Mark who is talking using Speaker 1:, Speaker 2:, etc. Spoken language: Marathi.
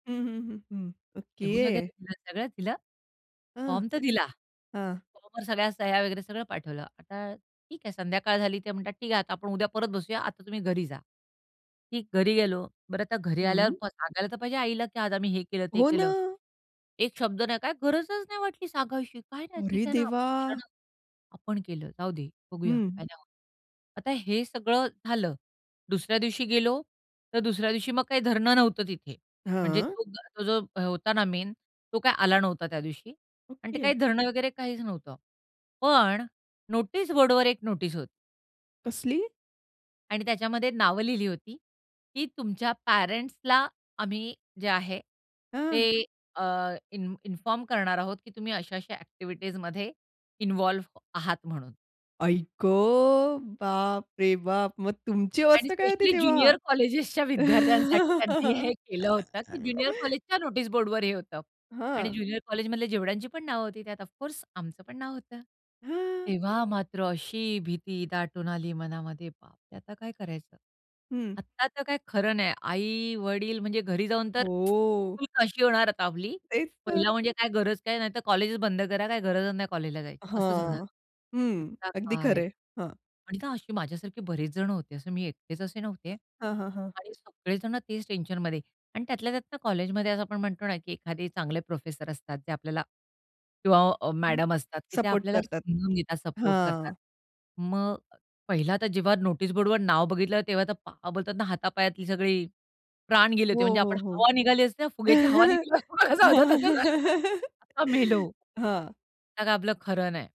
Speaker 1: हं, हं, हं, हं.
Speaker 2: लिहून
Speaker 1: ओके.
Speaker 2: वगैरे दिलं सगळं दिलं.
Speaker 1: हं.
Speaker 2: फॉर्म तर दिला.
Speaker 1: हां.
Speaker 2: फॉर्मवर सगळ्या सह्या वगैरे सगळं पाठवलं. आता ठीक आहे संध्याकाळ झाली ते म्हणतात ठीक आहे आता आपण उद्या परत बसूया, आता तुम्ही घरी जा. की घरी गेलो. बरं आता घरी आल्यावर
Speaker 1: हं.
Speaker 2: प सांगायला तर पाहिजे आईला की आज आम्ही हे केलं, ते
Speaker 1: हो
Speaker 2: केलं.
Speaker 1: ना.
Speaker 2: एक शब्द नाही. काय गरजच नाही वाटली सांगायची. काय नाही ठीक
Speaker 1: अरे
Speaker 2: आहे ना, आपण
Speaker 1: देवा!
Speaker 2: केलं ना, आपण केलं. जाऊदे, बघूया,
Speaker 1: हं.
Speaker 2: काही नाही होत. आता हे सगळं झालं. दुसऱ्या दिवशी गेलो तर दुसऱ्या दिवशी मग काही धरणं नव्हतं तिथे. म्हणजे
Speaker 1: हां.
Speaker 2: तो जो तो जो होता ना मेन तो काय आला नव्हता त्या दिवशी आणि ते
Speaker 1: ओके.
Speaker 2: काही धरणं वगैरे काहीच नव्हतं. पण नोटीस बोर्डवर एक नोटीस होती.
Speaker 1: कसली?
Speaker 2: आणि त्याच्यामध्ये नावं लिहिली होती की तुमच्या पॅरेंट्सला आम्ही जे आहे
Speaker 1: हं.
Speaker 2: ते अ, इन इन्फॉर्म करणार आहोत की तुम्ही अशा-अशा अ‍ॅक्टिव्हिटीजमध्ये इन्व्हॉल्व आहात म्हणून.
Speaker 1: आई गं! बापरे बाप! मग तुमची
Speaker 2: आणि
Speaker 1: अवस्था काय होती
Speaker 2: स्पेशली
Speaker 1: तेव्हा?
Speaker 2: ज्युनियर कॉलेजेसच्या विद्यार्थ्यांसाठी त्यांनी हे केलं होतं, की ज्युनियर कॉलेजच्या नोटीस बोर्डवर हे होतं. आणि
Speaker 1: हां.
Speaker 2: ज्युनियर कॉलेजमधले जेवढ्यांची पण नावं होती त्यात ऑफ कोर्स आमचं पण नाव होतं.
Speaker 1: हं.
Speaker 2: तेव्हा मात्र अशी भीती दाटून आली मनामध्ये. बापरे! आता काय करायचं?
Speaker 1: हं.
Speaker 2: आता तर काही खरं नाही. आई-वडील म्हणजे घरी जाऊन तर
Speaker 1: हो.
Speaker 2: फुल काशी होणार आता आपली.
Speaker 1: तेच तर.
Speaker 2: पहिला म्हणजे काय गरज काय, नाहीतर कॉलेज बंद करा. काय गरज नाही कॉलेजला जायची, असच होणार.
Speaker 1: हां. हं.
Speaker 2: आता
Speaker 1: अगदी
Speaker 2: काय
Speaker 1: खरं आहे हां.
Speaker 2: आणि ना अशी माझ्यासारखे बरेचजण होते. असं मी एकटेच असे नव्हते.
Speaker 1: हां, हां, हां.
Speaker 2: आणि सगळेजण तेच टेन्शनमध्ये आणि त्यातल्या त्यात कॉलेजमध्ये असं आपण म्हणतो ना की एखादे चांगले प्रोफेसर असतात जे आपल्याला किंवा अ,
Speaker 1: हं.
Speaker 2: मॅडम असतात की ते
Speaker 1: सपोर्ट
Speaker 2: आपल्याला
Speaker 1: करतात
Speaker 2: समजून घेतात, सपोर्ट करतात.
Speaker 1: हां.
Speaker 2: मग पहिला तर जेव्हा नोटीस बोर्डवर नाव बघितलं, तेव्हा तर पा बोलतात ना हातापायातली सगळी प्राण गेले होते
Speaker 1: हो,
Speaker 2: म्हणजे आपण
Speaker 1: हो, हो.
Speaker 2: हवा निघाली असते ना फुग्याची हवा निघाल्यावर झालं तसं झालं. आता मेलो.
Speaker 1: हां.
Speaker 2: त्यात आपलं खरं नाही.